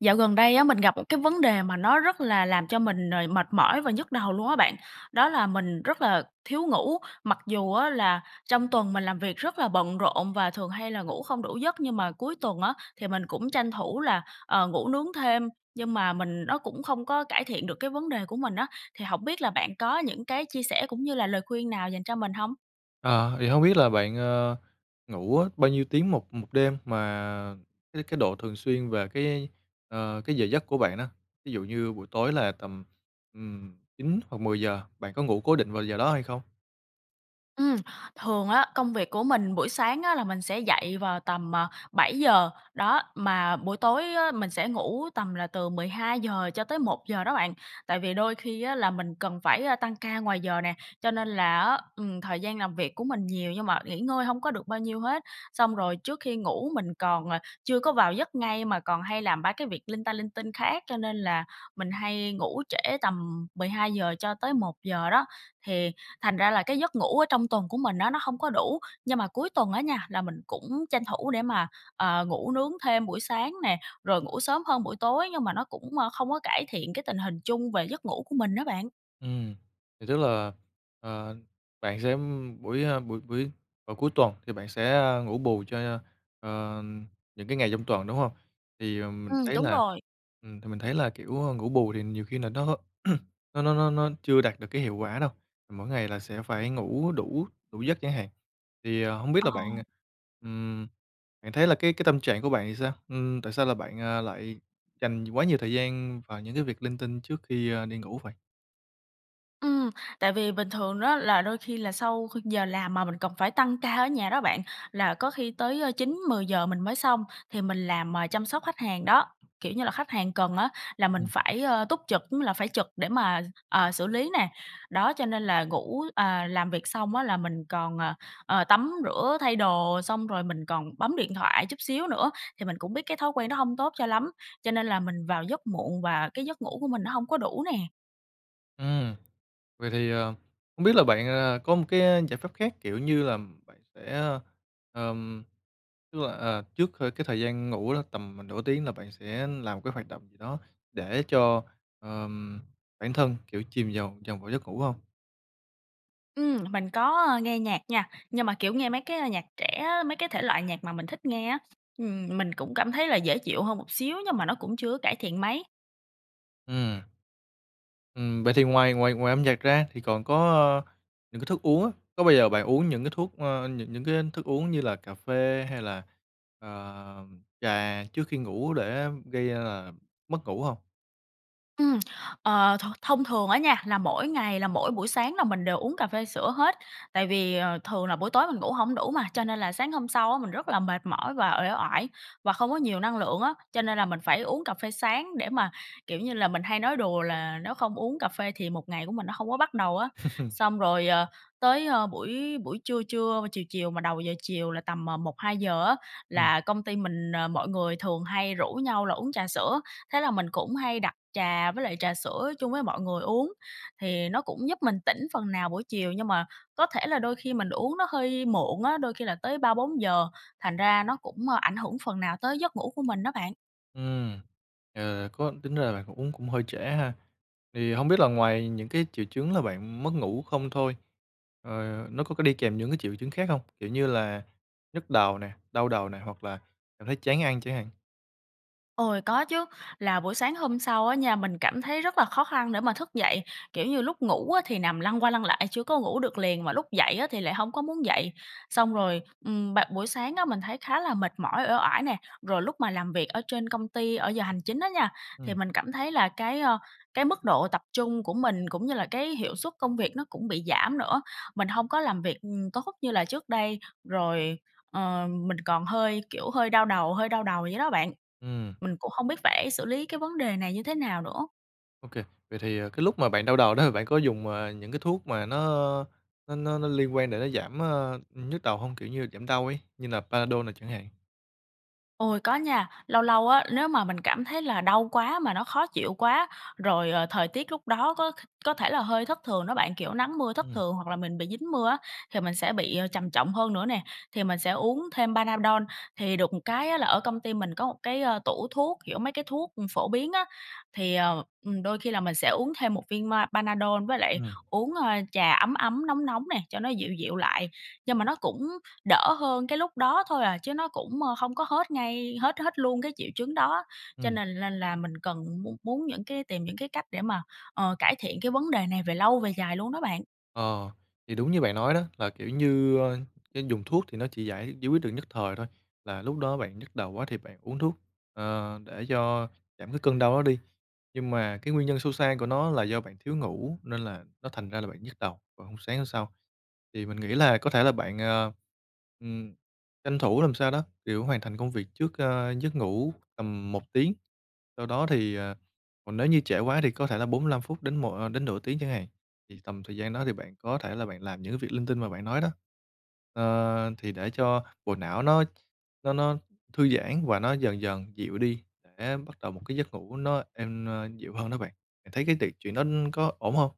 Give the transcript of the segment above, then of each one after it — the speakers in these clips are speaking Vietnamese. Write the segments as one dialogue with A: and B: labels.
A: Dạo gần đây á, mình gặp một cái vấn đề mà nó rất là làm cho mình, ờ, mệt mỏi và nhức đầu luôn á bạn. Đó là mình rất là thiếu ngủ. Mặc dù á là trong tuần mình làm việc rất là bận rộn và thường hay là ngủ không đủ giấc, nhưng mà cuối tuần á, thì mình cũng tranh thủ là, ờ, ngủ nướng thêm. Nhưng mà mình nó cũng không có cải thiện được cái vấn đề của mình á. Thì hổng biết là bạn có những cái chia sẻ cũng như là lời khuyên nào dành cho mình hông?
B: À, thì hông biết là bạn, ờ, ngủ á, bao nhiêu tiếng một một đêm? Mà cái cái độ thường xuyên về cái, ờ, cái giờ giấc của bạn đó. Ví dụ như buổi tối là tầm, ừm, 9 hoặc 10:00, bạn có ngủ cố định vào giờ đó hay không?
A: Ừm, thường á, công việc của mình buổi sáng á là mình sẽ dậy vào tầm, à, 7:00, đó. Mà buổi tối á mình sẽ ngủ tầm là từ 12:00 cho tới 1:00 đó bạn. Tại vì đôi khi á, là mình cần phải, à, tăng ca ngoài giờ nè, cho nên là á, ừm, thời gian làm việc của mình nhiều nhưng mà nghỉ ngơi hông có được bao nhiêu hết. Xong rồi trước khi ngủ mình còn, à, chưa có vào giấc ngay mà còn hay làm ba cái việc linh ta linh tinh khác cho nên là mình hay ngủ trễ tầm 12:00 cho tới 1:00 đó. Thì thành ra là cái giấc ngủ ở trong tuần của mình á, nó hông có đủ. Nhưng mà cuối tuần á nha, là mình cũng tranh thủ để mà, ờ, ngủ nướng thêm buổi sáng nè, rồi ngủ sớm hơn buổi tối. Nhưng mà nó cũng, ơ, không có cải thiện cái tình hình chung về giấc ngủ của mình á bạn.
B: Ừm, thì tức là, ờ, bạn sẽ ừm, buổi, a, buổi buổi vào cuối tuần thì bạn sẽ, a, ngủ bù cho, à, những cái ngày trong tuần, đúng hông? Thì, ờ, mình
A: Ừm,
B: thấy
A: đúng
B: là
A: rồi.
B: ừm, thì mình thấy là kiểu, ơ, ngủ bù thì nhiều khi là nó h nó nó nó nó chưa đạt được cái hiệu quả đâu. Mỗi ngày là sẽ phải ngủ đủ đủ giấc chẳng hạn. Thì, à, hông biết là
A: Ờ.
B: bạn, à, ừm, bạn thấy là cái cái tâm trạng của bạn thì sao? Ừm, tại sao là bạn, à, lại dành quá nhiều thời gian vào những cái việc linh tinh trước khi, ơ, đi ngủ vậy?
A: Ừm, tại vì bình thường đó là đôi khi là sau kh giờ làm mà mình cần phải tăng ca ở nhà đó bạn, là có khi tới, ơ, 9:00-10:00 mình mới xong. Thì mình làm, à, chăm sóc khách hàng đó. Kiểu như là khách hàng cần á, là mình
B: Ừm.
A: phải, ơ, túc trực, ư, là phải trực để mà, ờ, xử lý nè. Đó, cho nên là ngủ à, làm việc xong á, là mình còn, ờ, ờ, tắm rửa thay đồ xong rồi mình còn bấm điện thoại chút xíu nữa. Thì mình cũng biết cái thói quen đó hông tốt cho lắm, cho nên là mình vào giấc muộn và cái giấc ngủ của mình nó hông có đủ nè.
B: Ừm. Vậy thì, à, hông biết là bạn, à, có một cái giải pháp khác, kiểu như là bạn sẽ, ơ, ờm, tức là, à, trước c cái thời gian ngủ đó, tầm m nửa tiếng là bạn sẽ làm một cái hoạt động gì đó để cho, ờm, bản thân, kiểu, chìm vào vào ngủ giấc ngủ hông?
A: Ừm, mình có, a, nghe nhạc nha, nhưng mà kiểu nghe mấy cái, a, nhạc trẻ á, mấy cái thể loại nhạc mà mình thích nghe á. Ừm, mình cũng cảm thấy là dễ chịu hơn một xíu nhưng mà nó cũng chưa có cải thiện mấy.
B: Ừm. Ừm, vậy thì ngoài ngoài ngoài âm nhạc ra thì còn có, ơ, những cái thức uống á. Có bao giờ bạn uống những cái thuốc ơ, những những cái thức uống như là cà phê hay là, ờ, trà trước khi ngủ để gây ra là mất ngủ hông?
A: Ừm. Ờ, th thông thường á nha, là mỗi ngày là mỗi buổi sáng là mình đều uống cà phê sữa hết, tại vì, ờ, thường là buổi tối mình ngủ hổng đủ mà, cho nên là sáng hôm sau á mình rất là mệt mỏi và uể oải và không có nhiều năng lượng á. Cho nên là mình phải uống cà phê sáng để mà, kiểu như là, mình hay nói đùa là nếu không uống cà phê thì một ngày của mình nó không có bắt đầu á. Xong rồi, ờ, tới, ơ, buổi buổi trưa trưa, chiều chiều mà đầu giờ chiều là tầm, à, 1:00-2:00 á
B: Ừm.
A: là công ty mình, ờ, mọi người thường hay rủ nhau là uống trà sữa. Thế là mình cũng hay đặt trà với lại trà sữa chung với mọi người uống, thì nó cũng giúp mình tỉnh phần nào buổi chiều nhưng mà có thể là đôi khi mình uống nó hơi muộn á, đôi khi là tới 3:00-4:00 thành ra nó cũng, a, ảnh hưởng phần nào tới giấc ngủ của mình đó bạn.
B: Ừm. Ờ, có tính ra là cũng cũng hơi trễ ha. Vậy thì hông biết là ngoài những cái triệu chứng là bạn mất ngủ không thôi, ờ, nó có có đi kèm những cái triệu chứng khác hông? Kiểu như là nhức đầu nè, đau đầu nè hoặc là cảm thấy chán ăn chẳng hạn.
A: Ôi, có chứ, là buổi sáng hôm sau á nha, mình cảm thấy rất là khó khăn để mà thức dậy. Kiểu như lúc ngủ á thì nằm lăn qua lăn lại chưa có ngủ được liền, mà lúc dậy á thì lại hông có muốn dậy. Xong rồi, ừm, bạn buổi sáng á mình thấy khá là mệt mỏi, uể oải nè. Rồi lúc mà làm việc ở trên công ty ở giờ hành chính á nha, thì
B: Ừm.
A: mình cảm thấy là cái, ơ, cái mức độ tập trung của mình cũng như là cái hiệu suất công việc nó cũng bị giảm nữa, mình hông có làm việc, ừm, tốt như là trước đây. Rồi, ờ, mình còn hơi, kiểu, hơi đau đầu hơi đau đầu vậy đó bạn.
B: Ừm.
A: Mình cũng hông biết phải xử lý cái vấn đề này như thế nào nữa.
B: OK, vậy thì, à, cái lúc mà bạn đau đầu đó, bạn có dùng, à, những cái thuốc mà nó nó nó nó liên quan để nó giảm, ơ, ư, nhức đầu hông? Kiểu như giảm đau ấy, như là Panadol nè chẳng hạn.
A: Ôi, có nha. Lâu lâu á, nếu mà mình cảm thấy là đau quá mà nó khó chịu quá, rồi, ờ, thời tiết lúc đó có kh có thể là hơi thất thường đó bạn, kiểu, nắng mưa thất
B: Ừm.
A: thường hoặc là mình bị dính mưa á, thì mình sẽ bị, ờ, trầm trọng hơn nữa nè, thì mình sẽ uống thêm Panadol. Thì được một cái á là ở công ty mình có một cái, ơ, tủ thuốc, kiểu, mấy cái thuốc phổ biến á, thì, ờ, ừm, đôi khi là mình sẽ uống thêm một viên ma Panadol với lại
B: Ừm.
A: uống, ơ, trà ấm ấm, nóng nóng nè, cho nó dịu dịu lại. Nhưng mà nó cũng đỡ hơn cái lúc đó thôi à, chứ nó cũng, a, không có hết ngay hết hết luôn cái triệu chứng đó, cho
B: Ừm.
A: nên nên là mình cần muốn muốn những cái tìm những cái cách để mà, ờ, cải thiện cái vấn đề này về lâu về dài luôn đó bạn.
B: Ờ, thì đúng như bạn nói đó, là, kiểu như, ơ, cái dùng thuốc thì nó chỉ giải giải quyết được nhất thời thôi, là lúc đó bạn nhức đầu quá thì bạn uống thuốc, ờ, để cho giảm cái cơn đau đó đi, nhưng mà cái nguyên nhân sâu xa của nó là do bạn thiếu ngủ nên là nó thành ra là bạn nhức đầu vào hôm sáng hôm sau. Thì mình nghĩ là có thể là bạn, ờ, ừm, tranh thủ làm sao đó, kiểu, hoàn thành công việc trước, a, giấc ngủ tầm 1 tiếng, sau đó thì, à, còn nếu như trễ quá thì có thể là 45 phút đến mộ ơ, đến nửa tiếng chẳng hạn, thì tầm thời gian đó thì bạn có thể là bạn làm những cái việc linh tinh mà bạn nói đó, ờ, thì để cho bộ não nó nó nó thư giãn và nó dần dần dịu đi, để bắt đầu một cái giấc ngủ nó êm, a, dịu hơn đó bạn, bạn thấy cái tiệc chuyện đó có ổn hông?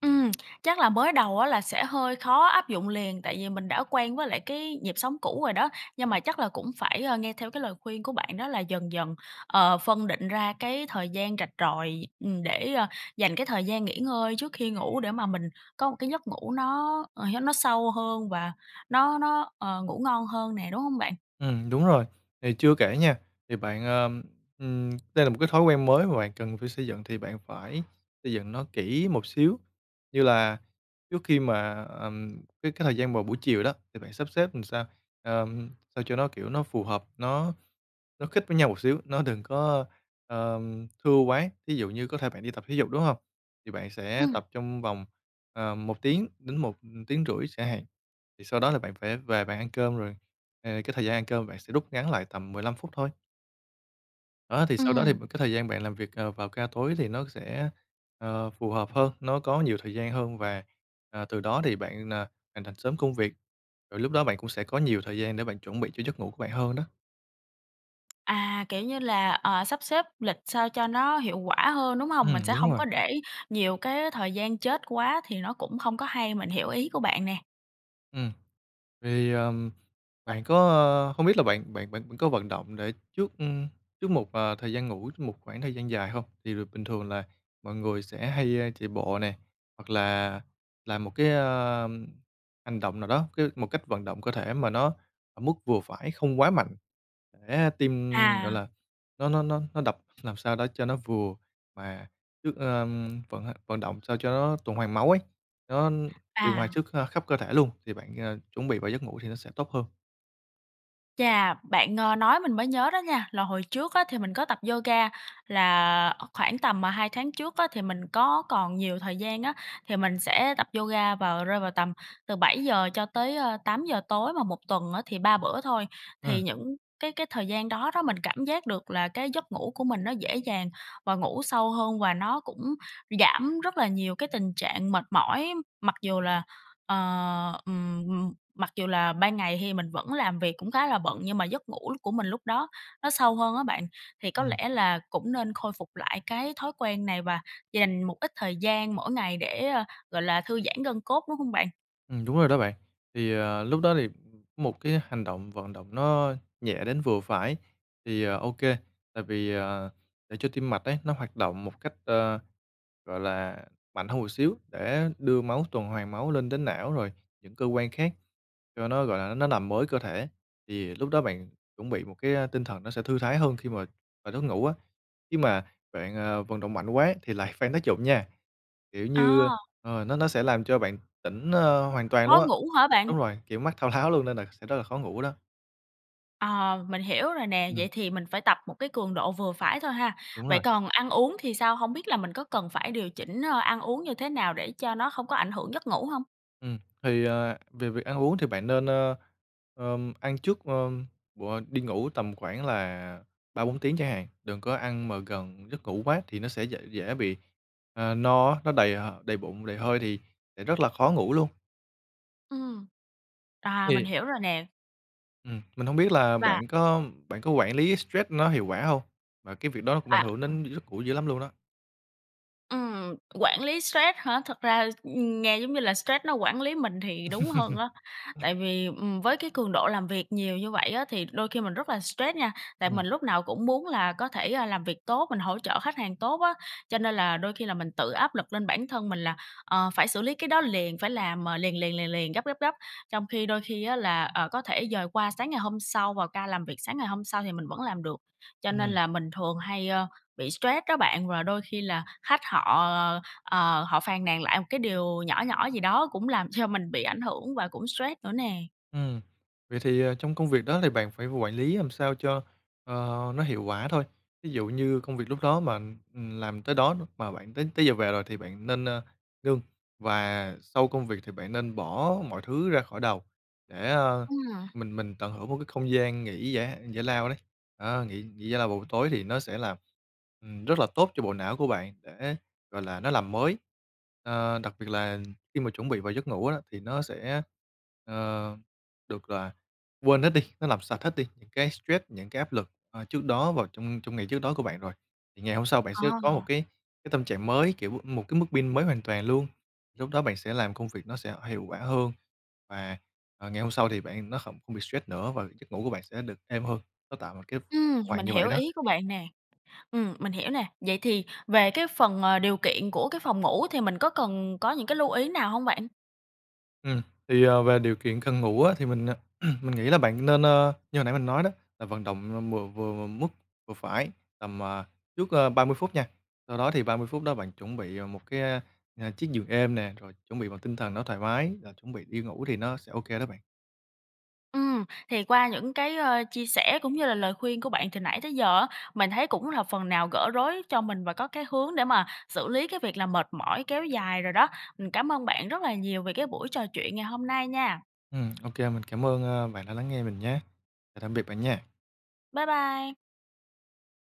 A: Ừm, chắc là mới đầu á là sẽ hơi khó áp dụng liền tại vì mình đã quen với lại cái nhịp sống cũ rồi đó, nhưng mà chắc là cũng phải, ờ, nghe theo cái lời khuyên của bạn đó là dần dần, ờ, phân định ra cái thời gian rạch ròi. Ừm, để, ơ, dành cái thời gian nghỉ ngơi trước khi ngủ để mà mình có một cái giấc ngủ nó, ờ, hé nó sâu hơn và nó nó, ờ, ngủ ngon hơn nè, đúng hông bạn?
B: Ừm, đúng rồi, thì chưa kể nha, thì bạn, ờm, ừm, đây là một cái thói quen mới mà bạn cần phải xây dựng thì bạn phải xây dựng nó kỹ một xíu, như là trước khi mà, ờm, cái cái thời gian vào buổi chiều đó thì bạn sắp xếp làm sao, ờm, sao cho nó kiểu nó phù hợp, nó nó khít với nhau một xíu, nó đừng có, ờm, thưa quá, thí dụ như có thể bạn đi tập thể dục, đúng hông? Thì bạn sẽ
A: Ừm.
B: tập trong vòng, ờ, 1 tiếng đến 1,5 tiếng xả hạn, thì sau đó là bạn phải về bạn ăn cơm rồi, ờ, cái thời gian ăn cơm bạn sẽ rút ngắn lại tầm 15 phút thôi. Đó, thì sau đó
A: Ừm.
B: thì b cái thời gian bạn làm việc, à, vào ca tối thì nó sẽ, ờ, phù hợp hơn, nó có nhiều thời gian hơn và, ờ, từ đó thì bạn nà hoàn thành sớm công việc. Rồi lúc đó bạn cũng sẽ có nhiều thời gian để bạn chuẩn bị cho giấc ngủ của bạn hơn đó.
A: À, kiểu như là, ờ, sắp xếp lịch sao cho nó hiệu quả hơn, đúng hông? Mình
B: Ừm,
A: sẽ
B: đúng
A: hông
B: rồi.
A: có để nhiều cái thời gian chết quá thì nó cũng không có hay, mình hiểu ý của bạn nè.
B: Ừm. Vậy thì, ờm, bạn có, ơ hông biết là bạn bạn bạn có vận động để trước, ừm, trước một, ờ, thời gian ngủ một khoảng thời gian dài hông? Thì r bình thường là mọi người sẽ hay chạy bộ nè hoặc là làm một cái, ờm, hành động nào đó, cái một cách vận động cơ thể mà nó ở mức vừa phải không quá mạnh. Để tim, gọi
A: À.
B: là nó nó nó nó đập làm sao đó cho nó vừa mà trước, ờm, vận h vận động sao cho nó tuần hoàn máu ấy, nó điều hòa
A: À.
B: trước kh khắp cơ thể luôn thì bạn, ờ, chuẩn bị vào giấc ngủ thì nó sẽ tốt hơn.
A: Chà, bạn, ơ, nói mình mới nhớ đó nha. Là hồi trước á, thì mình có tập yoga, là khoảng tầm 2 tháng trước á thì mình có còn nhiều thời gian á thì mình sẽ tập yoga vào rơi vào tầm từ 7:00 cho tới, ơ, 8:00 mà một tuần á thì 3 bữa thôi.
B: Ừm.
A: Thì những cái cái thời gian đó đó, mình cảm giác được là cái giấc ngủ của mình nó dễ dàng và ngủ sâu hơn và nó cũng giảm rất là nhiều cái tình trạng mệt mỏi. Mặc dù là, ờ, ừm, ừm, mặc dù là ban ngày thì mình vẫn làm việc cũng khá là bận nhưng mà giấc ngủ của mình lúc đó nó sâu hơn á bạn. Thì có
B: Ừm.
A: lẽ là cũng nên khôi phục lại cái thói quen này và dành một ít thời gian mỗi ngày để, gọi là, thư giãn gân cốt, đúng hông bạn?
B: Ừm, đúng rồi đó bạn. Thì, ờ, lúc đó thì một cái hành động, vận động nó nhẹ đến vừa phải thì, ờ, ô kê, tại vì, ờ, để cho tim mạch ấy, nó hoạt động một cách, ơ, gọi là, mạnh hơn một xíu để đưa máu, tuần hoàn máu lên đến não, rồi những cơ quan khác cho nó, gọi là, nó nằm mới cơ thể, thì lúc đó bạn chuẩn bị một, ơ, cái tinh thần nó sẽ thư thái hơn khi mà vào nấc ngủ á. Nhưng mà bạn, ờ, vận động mạnh quá thì lại phang tác dụng nha, kiểu như,
A: À.
B: ờ, nó nó sẽ làm cho bạn tỉnh, ơ, hoàn toàn luôn
A: Khó
B: á
A: ngủ hả
B: ờ,
A: bạn?
B: đúng rồi, kiểu, mắt thao tháo luôn nên là sẽ rất là khó ngủ đó.
A: Ờ, mình hiểu rồi nè,
B: Ừm.
A: vậy thì mình phải tập một cái cường độ vừa phải thôi ha.
B: Đúng
A: Vậy
B: rồi.
A: còn ăn uống thì sao? Hông biết là mình có cần phải điều chỉnh, ơ, ăn uống như thế nào để cho nó không có ảnh hưởng giấc ngủ hông?
B: Ừm, thì, à, về việc ăn uống thì bạn nên, ơ, ờm, ăn trước, ơm, b đi ngủ tầm khoảng là 3-4 tiếng chẳng hạn, đừng có ăn mà gần giấc ngủ quá thì nó sẽ dễ dễ bị, ờ, no á, nó đầy h đầy bụng, đầy hơi thì sẽ rất là khó ngủ luôn.
A: Ừm. À, mình
B: Thì
A: hiểu rồi nè.
B: Ừm, mình hông biết là
A: Và
B: bạn có bạn có quản lý stress nó hiệu quả hông? Và cái việc đó nó cũng ảnh
A: À,
B: hưởng
A: ừm.
B: đến giấc ngủ dữ lắm luôn đó.
A: Ừm, quản lý stress hả? Thực ra, ưm, nghe giống như là stress nó quản lý mình thì đúng hơn á, tại vì, ừm, với cái cường độ làm việc nhiều như vậy á, thì đôi khi mình rất là stress nha. Tại
B: Ừm.
A: mình lúc nào cũng muốn là có thể, a, làm việc tốt, mình hỗ trợ khách hàng tốt á, cho nên là đôi khi là mình tự áp lực lên bản thân mình là, ờ, phải xử lý cái đó liền, phải làm, ờ, liền liền liền liền, gấp gấp gấp. Trong khi đôi khi á là, ờ, có thể dời qua sáng ngày hôm sau, vào ca làm việc sáng ngày hôm sau thì mình vẫn làm được. Cho nên
B: Ừm.
A: là mình thường hay, ơ, bị stress đó bạn, và đôi khi là khách họ, ờ, ờ, ờ, họ phàn nàn lại một cái điều nhỏ nhỏ gì đó cũng làm cho mình bị ảnh hưởng và cũng stress nữa nè.
B: Ừm. Vậy thì, ờ, trong công việc đó thì bạn phải quản lý làm sao cho, ờ, nó hiệu quả thôi. Ví dụ như công việc lúc đó mà, ừm, làm tới đó n mà bạn tới tới giờ về rồi thì bạn nên, ơ, ngưng, và sau công việc thì bạn nên bỏ mọi thứ ra khỏi đầu để, a,
A: Ừm.
B: mình mình tận hưởng một cái không gian nghỉ giả giải lao đấy. Ờ, nghỉ nghỉ giải lao vào buổi tối thì nó sẽ làm ừm, rất là tốt cho bộ não của bạn để, gọi là, nó làm mới. À, đặc biệt là khi mà chuẩn bị vào giấc ngủ á, thì nó sẽ, ờ, được, gọi là, quên hết đi, nó làm sạch hết đi những cái stress, những cái áp lực, ờ, trước đó vào trong trong ngày trước đó của bạn rồi, thì ngày hôm sau bạn
A: Ờ.
B: sẽ có một cái cái tâm trạng mới, kiểu, m một cái mức pin mới hoàn toàn luôn. Lúc đó bạn sẽ làm công việc nó sẽ hiệu quả hơn, và, ờ, ngày hôm sau thì bạn nó không không bị stress nữa và giấc ngủ của bạn sẽ được êm hơn, nó tạo một cái [unintelligible]
A: Ừm,
B: hoàn
A: mình
B: như vậy
A: hiểu
B: đó.
A: ý của bạn nè. Ừm, mình hiểu nè. Vậy thì về cái phần, ờ, điều kiện của cái phòng ngủ thì mình có cần có những cái lưu ý nào hông bạn?
B: Ừm, thì, ờ, về điều kiện cần ngủ á, thì mình, ờ, mình nghĩ là bạn nên, a như hồi nãy mình nói đó là vận động m mừa vừa m mức vừa phải, tầm, à, trước, ơ, 30 phút nha. Sau đó thì 30 phút đó bạn chuẩn bị, à, một cái, a, à, chiếc giường êm nè, rồi chuẩn bị một tinh thần nó thoải mái, là chuẩn bị đi ngủ thì nó sẽ ô kê đó bạn.
A: Ừm, thì qua những cái, ơ, chia sẻ cũng như là lời khuyên của bạn từ nãy tới giờ á, mình thấy cũng là phần nào gỡ rối cho mình và có cái hướng để mà xử lý cái việc là mệt mỏi kéo dài rồi đó. Mình cám ơn bạn rất là nhiều về cái buổi trò chuyện ngày hôm nay nha.
B: Ừm, ô kê. Mình cảm ơn, a, bạn đã lắng nghe mình nhá. Chào tạm biệt bạn nha!
A: Bye bye!